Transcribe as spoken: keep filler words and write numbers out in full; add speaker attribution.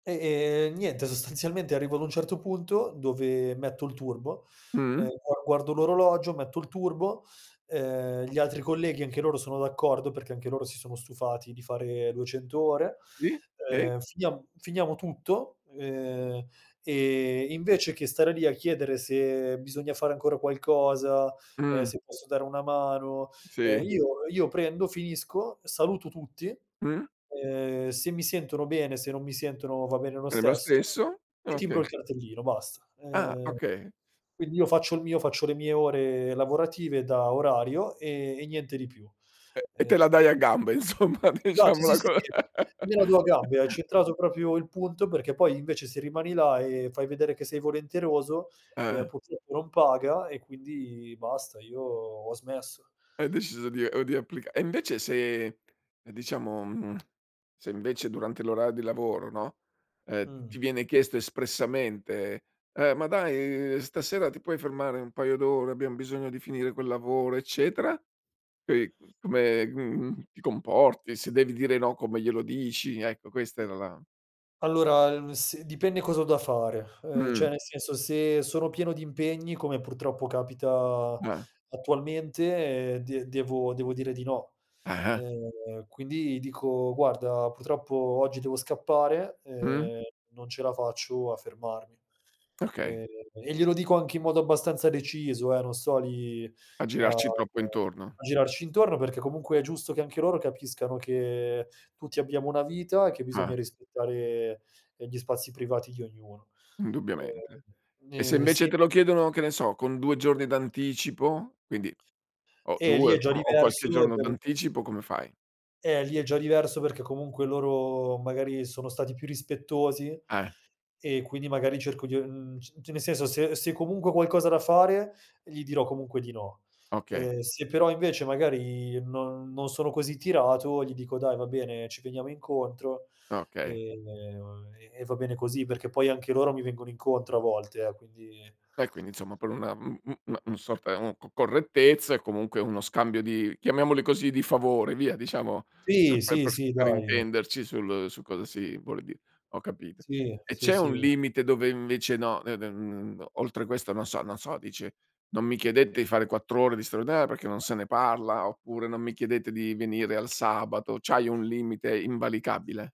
Speaker 1: E, ehm, niente, sostanzialmente arrivo ad un certo punto, dove metto il turbo, e
Speaker 2: Mh.
Speaker 1: gua guardo l'orologio, metto il turbo, ehm, gli altri colleghi anche loro sono d'accordo, perché anche loro si sono stufati di fare duecento ore,
Speaker 2: Sì, e?
Speaker 1: ehm, finiam finiamo tutto, ehm, e invece che stare lì, a chiedere se bisogna fare ancora qualcosa, ehm,
Speaker 2: Mh.
Speaker 1: se posso dare una mano, ehm,
Speaker 2: Sì.
Speaker 1: io io prendo, finisco, saluto tutti,
Speaker 2: Mh.
Speaker 1: ehm, se mi sentono bene, se non mi sentono va bene lo
Speaker 2: È lo
Speaker 1: stesso,
Speaker 2: stesso?
Speaker 1: e timbro
Speaker 2: Okay.
Speaker 1: il cartellino, basta.
Speaker 2: Ah,
Speaker 1: Ehm,
Speaker 2: okay.
Speaker 1: quindi io faccio il mio, faccio le mie ore lavorative da orario, e e niente di più.
Speaker 2: E e
Speaker 1: Ehm
Speaker 2: te la dai a gambe insomma,
Speaker 1: Esatto, si,
Speaker 2: diciamola
Speaker 1: si,
Speaker 2: co
Speaker 1: sì, me la do a gambe, hai centrato propio il punto, perché poi invece, se rimani là e fai vedere che sei volenteroso, ehm,
Speaker 2: Eh.
Speaker 1: purtroppo non paga e quindi basta, io ho smesso.
Speaker 2: Hai deciso di o di applica e invece, se diciamo mhmm, se invece durante l'orar di lavoro, no, ehm,
Speaker 1: Mh.
Speaker 2: ti viene chiesto espressamente: "Eh, ma dai stasera ti puoi fermare un paio d'ore, abbiam bisogno di finire quel lavoro, eccetera." E come, mhmm, ti comporti, se devi dire no come glielo dici? Ecco questa
Speaker 1: E
Speaker 2: era la
Speaker 1: Allora s dipende cosa ho da fare, uhm, ceh
Speaker 2: M.
Speaker 1: nel senso, se sono pieno di impegni, come purtroppo capita
Speaker 2: Ah.
Speaker 1: attualmente, eh de devo dire di no;
Speaker 2: Ah-ah.
Speaker 1: ehm, quindi dico: "Guarda, purtroppo oggi devo scappare,
Speaker 2: Mh.
Speaker 1: ehm, non ce la faccio a fermarmi."
Speaker 2: Okay.
Speaker 1: Ehm, e glielo dico anche in modo abbastanza deciso, eh, non sto lì
Speaker 2: A
Speaker 1: a
Speaker 2: girarci troppo intorno.
Speaker 1: a girarci intorno, perché comunque è giusto che anche loro capiscano che tutti abbiamo una vita, e che bisogna
Speaker 2: Ah.
Speaker 1: rispettare, ehm, gli spazi privati di ognuno.
Speaker 2: Indubbiamente.
Speaker 1: Ehm,
Speaker 2: E se
Speaker 1: ehm,
Speaker 2: invece
Speaker 1: sì.
Speaker 2: te lo chiedono, che ne so, con due giorni d'anticipo? Quindi o
Speaker 1: Eh, lì
Speaker 2: due o
Speaker 1: è già
Speaker 2: insomma, qualche
Speaker 1: diverso
Speaker 2: giorno
Speaker 1: per
Speaker 2: d'anticipo, come fai?
Speaker 1: Eh, lì è già diverso, perché comunque loro magari sono stati più rispettosi,
Speaker 2: Eh.
Speaker 1: e quindi magari cerco di uhm, c nel senso, se se comunque ho qualcosa da fare, gli dirò comunque di no,
Speaker 2: Okay.
Speaker 1: ehm, se però invece, magari, non non sono così tirato, gli dico: "Dai va bene, ci veniamo incontro,"
Speaker 2: Okay.
Speaker 1: ehm, e e va bene così, perché poi anche loro mi vengono incontro a volte, eh, quindi
Speaker 2: E quindi insomma, per una [unintelligible] sorta co correttezza, e comunque uno scambio di, chiamiamoli così, di favori via, diciamo lo
Speaker 1: Sì,
Speaker 2: fai
Speaker 1: sì,
Speaker 2: per s
Speaker 1: sì
Speaker 2: per
Speaker 1: dai.
Speaker 2: intenderci, sul su cosa si vuole dire, ho capito;
Speaker 1: Sì,
Speaker 2: e
Speaker 1: sì
Speaker 2: c'è un
Speaker 1: sì.
Speaker 2: limite dove invece no, ne ne mhmm, oltre questo non so non so, dici: "Non mi chiedete di fare quattro ore di straordinario, perché non se ne parla," oppure: "Non mi chiedete di venire al sabato." C'hai un limite invalicabile?